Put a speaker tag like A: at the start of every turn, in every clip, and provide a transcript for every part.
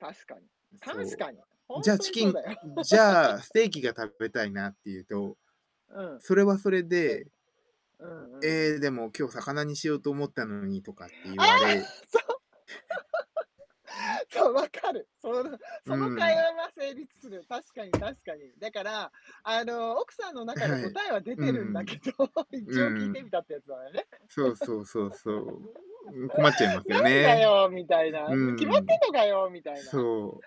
A: 確かに、
B: う
A: 確
B: そ
A: かに。
B: う、
A: ほ
B: 「じ
A: ん
B: ゃあ、
A: と
B: チ
A: に
B: キ
A: そう
B: ン
A: だよ。
B: じゃあ、ステーキが食 べたいな」って言うと、
A: うん、
B: それはそれ
A: じゃ
B: で
A: うんうんう
B: 「え
A: ん。
B: え、でも今日魚にしようと思ったのに」とかって
A: あ
B: 言
A: あ！
B: われ。
A: そう。そう、分かる。そうだ、
B: う
A: その会
B: ん。
A: 話は成立する。確かに確かに。だから、あの、奥さんの
B: あ、
A: 中で
B: はい。
A: 答えは出
B: う
A: てるんだけ
B: ん
A: ど、
B: う
A: 一応聞
B: ん。う
A: いてみ
B: ん。
A: たってやつなね。
B: そうそうそうそう。ん、困っちゃいま す
A: な
B: よ
A: んだ
B: ね。
A: よ、みたい
B: う
A: な。ね、決まっ
B: ん。
A: てんのかよ、みたいな。
B: そ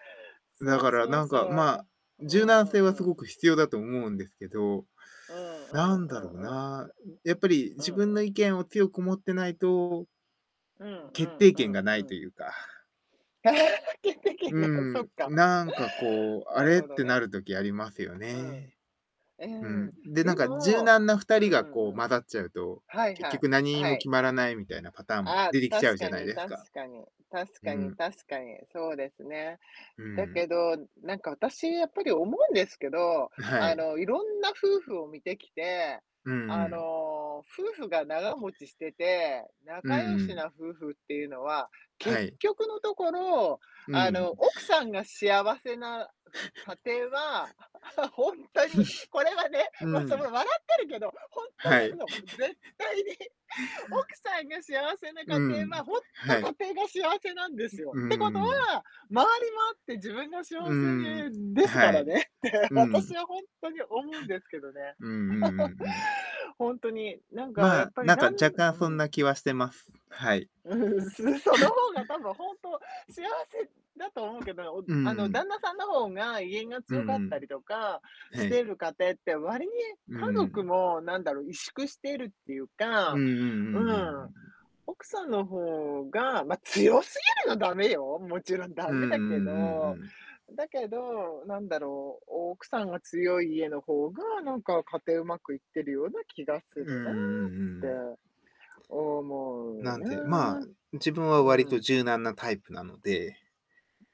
B: う。だ
A: そう
B: から、
A: そう
B: なんか、ま
A: そ
B: あ、
A: う。う
B: 柔軟
A: ん
B: 性
A: う
B: は
A: ん
B: す
A: う
B: ご
A: ん。
B: く必要だと思うんですけど、
A: うんう
B: な
A: ん
B: ん
A: う
B: だ
A: ん
B: ろう
A: うん。
B: な、ん、やっぱり、
A: う
B: 自
A: ん
B: 分
A: う
B: の
A: ん。
B: 意見を強く持ってないと
A: うんう
B: 決
A: ん
B: 定
A: う
B: 権
A: ん
B: がな
A: う
B: いと
A: ん。
B: いうか。
A: 決定権
B: う
A: がそっ
B: ん。
A: か。
B: なんかこう「あ
A: なる
B: れ」っ
A: ほど
B: て
A: ね。
B: なる時ありますよ
A: うん。
B: ね。
A: え、
B: うん。
A: うん。
B: で、なん
A: で
B: か柔
A: も
B: 軟な二
A: うん
B: 人
A: う
B: がこう
A: んうん。
B: 混ざっちゃうと、
A: はい
B: 結
A: はい、
B: 局何
A: は
B: も
A: い。
B: 決まらないみたいなパターンも
A: ああ、
B: 出てき
A: 確
B: ちゃうじゃ
A: か
B: ない
A: に
B: です
A: 確
B: か。
A: かに。確
B: う
A: かに
B: ん。
A: 確かに。そうですね。
B: う
A: だけ
B: ん。
A: ど、なんか私やっぱり思うんですけど、
B: んは
A: あ
B: い。
A: の、いろんな夫婦を見てきて、
B: うんう
A: あ
B: ん。
A: の、夫婦が長持ちしてて、
B: うん
A: 仲良
B: う
A: しな
B: ん。
A: 夫婦っていうのは、
B: は
A: 結
B: い。
A: 局のところ、
B: う
A: あ
B: ん。
A: の、奥さんが幸せな、ふ家庭は、ほんとにこれは ね、
B: う
A: ま、その
B: ん。
A: 笑ってるけど、ほんと
B: は
A: な
B: い。
A: の、絶 対に。奥さんが幸せな
B: う
A: 家
B: ん、
A: 庭はほんと
B: はい。
A: 家庭が幸せなんで
B: う
A: すよ。
B: う
A: ってこと
B: ーん。
A: は、周りもあって自分が幸
B: う
A: せ
B: ん。
A: ね、で
B: あ、
A: すか
B: は
A: ら
B: い。
A: ねって、
B: うん。
A: 私 はほんとに思うんですけどね。
B: うんうんうんうん。
A: ほんとに。なんかや
B: ま
A: っ
B: あ、
A: ぱり
B: なんか
A: だん
B: 若
A: う
B: 干そんな
A: ん。
B: 気はしてます。はい。
A: うん、すその 方が多分ほんと幸せだと思うけど、おん、
B: う
A: あの、
B: ん。
A: 旦那さんの方が、威厳が
B: う
A: 強かっ
B: んう
A: た
B: ん。
A: りとかし
B: へ
A: て
B: い。
A: る家庭って、割に
B: う
A: 家族
B: ん。
A: もなんだろう、萎縮しているっていう
B: う
A: か
B: んうんうんうんうん
A: う
B: う
A: ん。
B: ん。
A: 奥さんの方がま、強すぎるのはだめよ、もちろんだ
B: うんう
A: め
B: んう
A: だ
B: ん
A: け
B: う
A: ど。
B: ん。
A: だけど、なんだろう、奥さんが強い家の方が、なんか家庭うまくいってるような気がす
B: ううん、う
A: るなっ
B: んう
A: て、
B: ん。
A: 思う
B: なんて、ま
A: な。
B: あ、自分は割
A: う
B: と
A: ん。
B: 柔軟なタイプなので、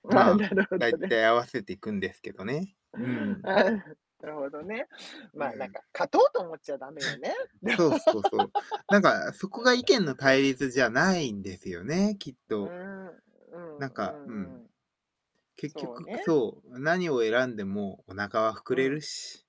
A: うああ、
B: まあ、
A: なるほど
B: 大
A: ね。
B: 体合わせていくんですけどね、うん。
A: ああ、ふろほどね。ま、な
B: う
A: ん
B: ん。
A: か、勝とうと思っちゃ駄目よね。
B: そうそうそう。なん か、そこが意見の対立じゃないんですよね、きっ
A: う
B: と。
A: ん、うん
B: なん
A: う
B: かう
A: ん
B: ん。
A: うん。
B: 結
A: そう
B: 局、く
A: ね。
B: そう、何を選んでもお腹は膨
A: う
B: れ
A: ん。
B: るし。